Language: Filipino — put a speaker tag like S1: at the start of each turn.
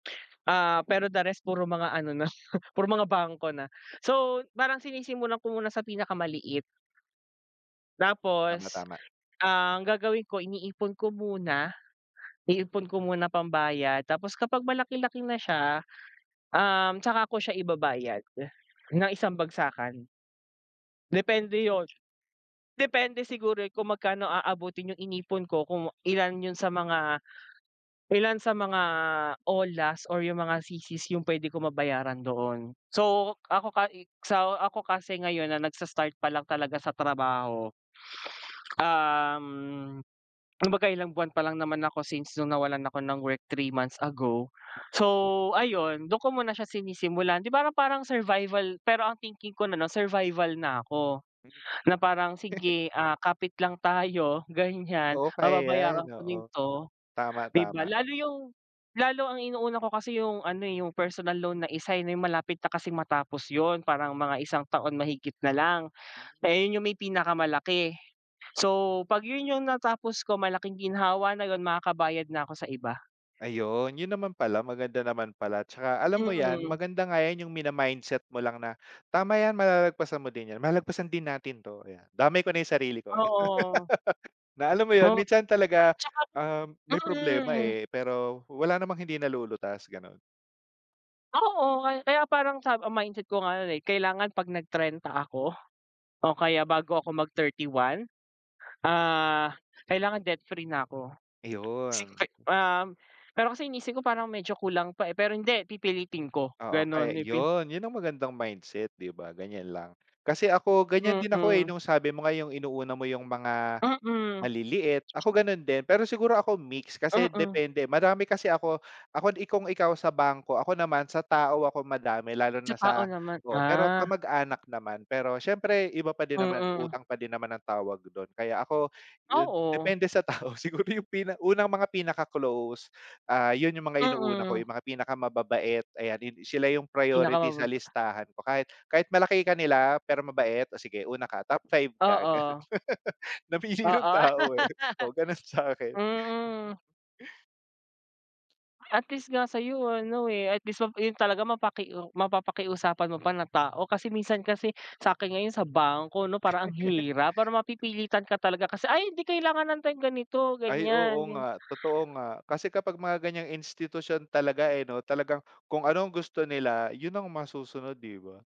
S1: Ah, pero the rest, puro mga ano na, puro mga bangko na. So, parang sinisimulan ko muna sa pinakamaliit.
S2: Tama,
S1: Tapos
S2: tama.
S1: ang gagawin ko, iniipon ko muna, iipon ko muna pambayad, tapos kapag malaki-laki na siya, um, tsaka ko siya ibabayad, ng isang bagsakan. Depende 'yon, depende siguro eh, kung magkano aabutin yung inipon ko, kung ilan 'yon sa mga, ilan sa mga all last or yung mga CC's yung pwede ko mabayaran doon. So, ako, ka eh, sa ako kasi ngayon na, nagsa-start pa lang talaga sa trabaho, um, kumbaga ilang buwan pa lang naman ako, since no'ng nawalan ako ng work 3 months ago, so ayun, do'n ko muna siya sinisimulan, 'di ba, ra parang, parang survival pero ang thinking ko na, 'no, survival na ako,
S2: Hmm?
S1: na parang, "Sige, ah, kapit lang tayo", ganyan,
S2: Oo, kaya yan,
S1: "Mababayaran ko din
S2: oo.
S1: 'to",
S2: Tama,
S1: di ba?
S2: tama.
S1: Lalo yung, lalo ang inuuna ko kasi yung ano, eh, yung personal loan, na isa eh, may malapit na kasing matapos 'yon, parang mga isang taon mahigit na lang, eh, 'yon yung may pinakamalaki. So, 'pag 'yon yung natapos ko, malaking ginhawa na 'yon, makakabayad na ako sa iba.
S2: Ayun, 'yon naman pala, maganda naman pala, tsaka alam mo yan,
S1: Mm.
S2: maganda nga yan, yung mina-mindset mo lang na, tama yan malalagpasan mo din yan, malalagpasan din natin 'to, ayan, damay ko na yung sarili ko, 'no,
S1: Oo.
S2: na, alam mo 'yon,
S1: Hmm
S2: minsan talaga,
S1: tsaka rin
S2: ah, may problema,
S1: mm.
S2: eh, pero wala namang hindi nalulutas, gano'n.
S1: Oo, kaya kaya, parang sa, ah, mindset ko nga 'yon, eh, "Kailangan 'pag nag-trenta ako, o kaya bago ako mag 31, ah, kailangan debt-free na ako." Sing
S2: Ayun.
S1: fe Um, pero kasi, iniisip ko, parang medyo kulang pa eh, pero hindi, pipilitin ko,
S2: Oo,
S1: gano'n,
S2: kaya
S1: pipi
S2: 'yon. 'Yon ang magandang mindset, 'di ba, ganyan lang, kasi ako, ganyan din ako, eh,
S1: Mm.
S2: no'ng, sabi mo nga, yung inuuna mo yung mga,
S1: Mm.
S2: maliliit. Ako, gano'n din, pero siguro ako mix, kasi
S1: Mm.
S2: depende, marami kasi ako ako, 'di kung ikaw sa bangko, ako naman, sa tao ako madami, lalo
S1: Sa
S2: na
S1: tao
S2: sa
S1: naman,
S2: oo, pero
S1: ah.
S2: kamag-anak naman. Pero siyempre, iba pa din naman,
S1: Mm.
S2: utang pa din naman ang tawag do'n, kaya ako,
S1: Oo.
S2: depende sa tao, siguro, yung pina unang mga pinaka-close, ah, 'yon yung mga inuuna ko,
S1: Mm.
S2: yung mga pinakamababait, ayan, hin sila yung priority sa
S1: Pinakamababa.
S2: listahan ko, kahit, kahit malaki kanila, pero mabait, "O sige una ka, top 5 ka", gano'n,
S1: Oo.
S2: namili ng
S1: Oo,
S2: tao, eh, o gano'n sa'kin.
S1: mm. At least, nga sa'yo ano, eh, at least, ma 'yon talaga mapaki mapapakiusapan mo pa na tao. Kasi, minsan kasi, sa'kin ngayon, sa bangko, 'no, parang ang hirap, para mapipilitan ka talaga kasi "Ay, 'di, kailangan nan tayong ganito,
S2: Ay,
S1: ganyan",
S2: oo
S1: gan
S2: nga, totoo nga, kasi, kapag mga ganyang institusyon talaga, eh, 'no, talagang kung ano ang gusto nila, 'yon ang masusunod, 'di ba?